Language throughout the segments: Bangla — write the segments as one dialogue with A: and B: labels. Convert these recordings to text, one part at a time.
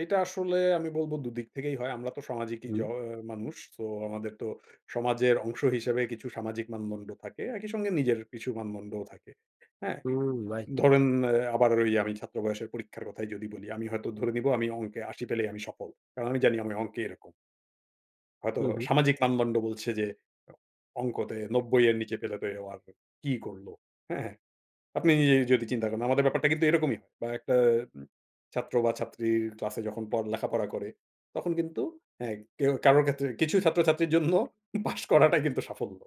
A: এটা আসলে আমি বলবো দুদিক থেকেই হয়। আমরা তো সামাজিক ই জ
B: হুম।
A: অ মানুষ। সো আমাদের তো সমাজের অংশ হিসেবে কিছু সামাজিক মানদণ্ড থাকে। একই সঙ্গে নিজের কিছু মানদণ্ডও থাকে। হ্যাঁ?
B: হুম, রাইট।
A: ধরেন অ্যাঁ আবার ওই আমি ছাত্র বয়সের পরীক্ষার কথাই যদি বলি, আমি হয়তো ধরে নিবো আমি অঙ্কে ৮০ পেলেই আমি সফল। কারণ আমি জানি আমি অঙ্কে এরকম হয়তো
B: হুম, হুম।
A: সামাজিক মানদণ্ড বলছে যে, অঙ্কতে ৯০ এর নিচে পেলে তো ও আর কি করলো? হ্যাঁ? আপনি যদি চিন্তা করেন, আমাদের ব্যাপারটা কিন্তু এরকমই। বা একটা উম ছাত্র বা ছাত্রীর ক্লাসে যখন প লেখাপড়া করে তখন কিন্তু হ্যাঁ, কেউ কারোর ক্ষেত্রে কিছু ছাত্রছাত্রীর জন্য পাস করাটাই কিন্তু সাফল্য।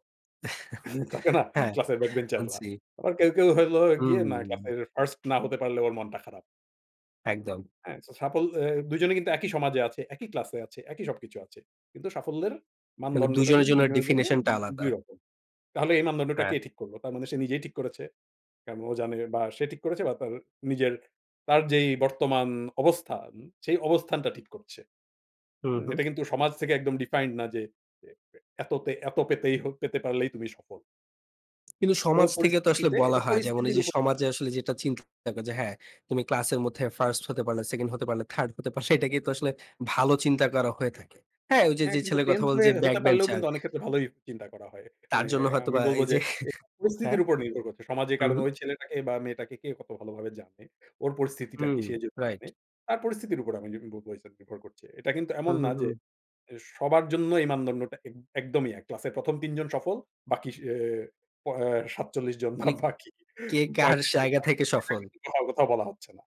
A: থাকে না,
B: হ্যাঁ,
A: ক্লাসের ব্যাক বেঞ্চাররা?
B: মানছি।
A: আবার কেউ, কেউ হইলো গিয়ে না, ক্লাস
B: হুম।
A: এর 1st না হতে পারলে, ওর মনটা খারাপ
B: একদম।
A: হ্যাঁ? সো সাফল অ্যাঁ ২ জনেই কিন্তু একই সমাজে আছে, একই ক্লাস আছে, একই সবকিছু আছে। কিন্তু সাফল্যের
B: মানে ২
A: মানদণ্ডটা
B: জনের
A: কিন্তু
B: জন্য
A: দুজনের জন্য উন
B: ডেফিনিশন টা আলাদা।
A: ২ রকম। তাহলে এই মানদণ্ডটা
B: হ্যাঁ।
A: কে ঠিক করল? তার মানে সে নিজেই ঠিক করেছে। কারন ও জানে বা সে ঠিক করেছে বা তার নিজের, তার যেই বর্তমান অবস্থান, সেই অবস্থানটা ঠিক করছে।
B: হুম,
A: হুম?
B: হুম।
A: এটা কিন্তু সমাজ থেকে একদম ডিফাইন্ড না যে, এ এ এত তে এত পেতেই হ পেতে পারলেই তুমি সফল
B: কিন্তু
A: ওর
B: সমাজ থেকে তো আসলে
A: পরিস্থিতিতে,
B: বলা
A: এটা
B: হয়। যেমন
A: পরিস্থিতির
B: এইযে
A: উপ
B: সমাজে আসলে যেটা চিন্তা থাকে যে, "হ্যাঁ, তুমি ক্লাসের মধ্যে 1st হতে পারলে, 2nd হতে পারলে, 3rd হতে পারলে" এটাকেই তো আসলে ভালো চিন্তা করা হয়ে থাকে। হ্যাঁ? ওইযে
A: হ্যাঁ,
B: যে
A: কিন্তু
B: ছেলের কথা
A: 10th
B: বললেন
A: হয়ে
B: যে, ব্যাক
A: হতে পারলেও
B: বেঞ্চার
A: কিন্তু অনেক ক্ষেত্রে ভালোই চিন্তা করা হয়।
B: তার
A: মানে
B: জন্য
A: আমি
B: হয়তোবা
A: বলব
B: এই
A: যে,
B: যে
A: এটা
B: হ্যাঁ,
A: পরিস্থিতির উপর নির্ভর করছে। সমাজে কারণ,
B: হুম।
A: ওই ছেলেটাকে বা মেয়েটাকে কে কত ভালোভাবে জানে? ওর পরিস্থিতিটা কি?
B: হুম,
A: সে যদি
B: রাইট।
A: জানে, তার পরিস্থিতির উপর আমি যদি বলব [unintelligible] নির্ভর করছে। এটা কিন্তু এমন
B: হুম,
A: না
B: হুম,
A: যে,
B: হুম।
A: যে সবার জন্য এই মানদণ্ডটা এক একদমই এক। ক্লাসের ১ম ৩ জন সফল, বাকি সে অ্যাঁ প অ্যাঁ ৪৭ জন বা
B: মানে,
A: বাকি
B: কে কার
A: ৩৫ জন
B: জায়গা থেকে সফল।
A: [unintelligible] কোথাও বলা হচ্ছে না।